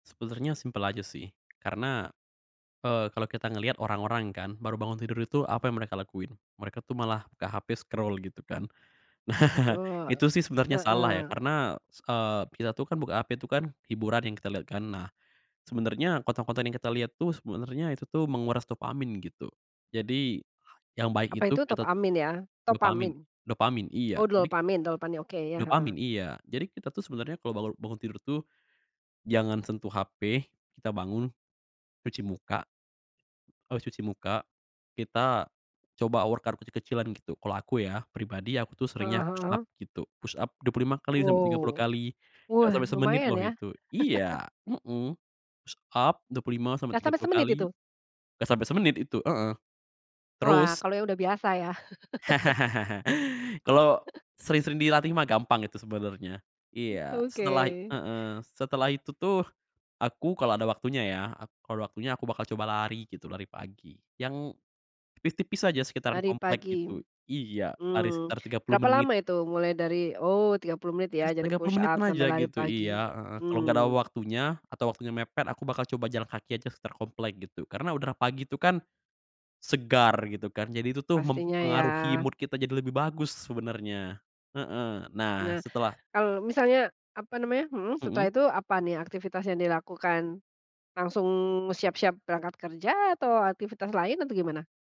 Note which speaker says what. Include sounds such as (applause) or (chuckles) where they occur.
Speaker 1: Sebenernya simpel aja sih karena, eee, kalau kita ngeliat orang-orang kan baru bangun tidur itu apa yang mereka lakuin? Mereka tuh malah buka HP, scroll gitu kan. Nah,
Speaker 2: Betul,
Speaker 1: itu sih sebenernya salah ya
Speaker 2: heeh.
Speaker 1: karena s eee, kita tuh kan buka HP tuh kan hiburan yang kita liat kan. Nah sebenernya konten-konten yang kita lihat tuh sebenernya itu tuh menguras dopamin gitu. Jadi yang baik
Speaker 2: Apa
Speaker 1: itu
Speaker 2: itu
Speaker 1: kita t
Speaker 2: topamin ya,
Speaker 1: dopamin
Speaker 2: topamin?
Speaker 1: dopamin, iya
Speaker 2: Oh
Speaker 1: jadi
Speaker 2: dopamin- dopamin, oke, iya, heeh.
Speaker 1: Dopamin, iya, jadi kita tuh sebenernya kalau balau bangun tidur tuh, jangan sentuh HP, kita bangun, cuci muka, habis cuci muka, kita coba workout kecil-kecilan gitu. Kalau aku ya, pribadi aku tuh
Speaker 2: Heeh
Speaker 1: seringnya
Speaker 2: heeh
Speaker 1: push up
Speaker 2: heeh.
Speaker 1: gitu, push up 25 kali sampai 30
Speaker 2: Wow,
Speaker 1: kali. Enggak
Speaker 2: wah
Speaker 1: sampai semenit
Speaker 2: lumayan
Speaker 1: loh
Speaker 2: ya.
Speaker 1: itu
Speaker 2: (chuckles)
Speaker 1: iya, mhm, push up dua puluh lima sampai
Speaker 2: Enggak
Speaker 1: tiga
Speaker 2: sampai
Speaker 1: puluh
Speaker 2: semenit
Speaker 1: kali,
Speaker 2: itu?
Speaker 1: enggak sampai semenit itu, heeh.
Speaker 2: Wah,
Speaker 1: Terus
Speaker 2: kalau udah yang biasa ya? (laughs)
Speaker 1: (laughs) Kalo
Speaker 2: (chuckles)
Speaker 1: sering-sering dilatih mah gampang itu sebenernya. Iya, setelah
Speaker 2: Oke.
Speaker 1: heeh, setelah itu tuh aku kalau ada waktunya ya, aku kalo ada waktunya aku bakal coba lari gitu, lari pagi yang tipis-tipis aja sekitaran
Speaker 2: Lari
Speaker 1: komplek
Speaker 2: pagi.
Speaker 1: gitu. Iya, lari
Speaker 2: Hmm,
Speaker 1: sekitar 30
Speaker 2: berapa
Speaker 1: menit.
Speaker 2: lama itu mulai dari oh 30 menit ya,
Speaker 1: Tigas
Speaker 2: dari
Speaker 1: Tiga puluh
Speaker 2: push
Speaker 1: menitan
Speaker 2: up sampai
Speaker 1: aja
Speaker 2: lari
Speaker 1: gitu,
Speaker 2: pagi.
Speaker 1: iya heeh. Kalau gak ada
Speaker 2: Hmm.
Speaker 1: waktunya atau waktunya mepet aku bakal coba jalan kaki aja sekitar komplek gitu. Karena udara pagi itu kan segar gitu kan, jadi itu tuh
Speaker 2: Pastinya ya.
Speaker 1: mempengaruhi mood kita jadi lebih bagus sebenernya, heeh. Nah
Speaker 2: Nah
Speaker 1: setelah
Speaker 2: kalau misalnya, apa namanya mhm, setelah
Speaker 1: Mhm.
Speaker 2: itu apa nih aktivitas yang dilakukan? Langsung siap-siap berangkat kerja atau aktivitas lain atau gimana?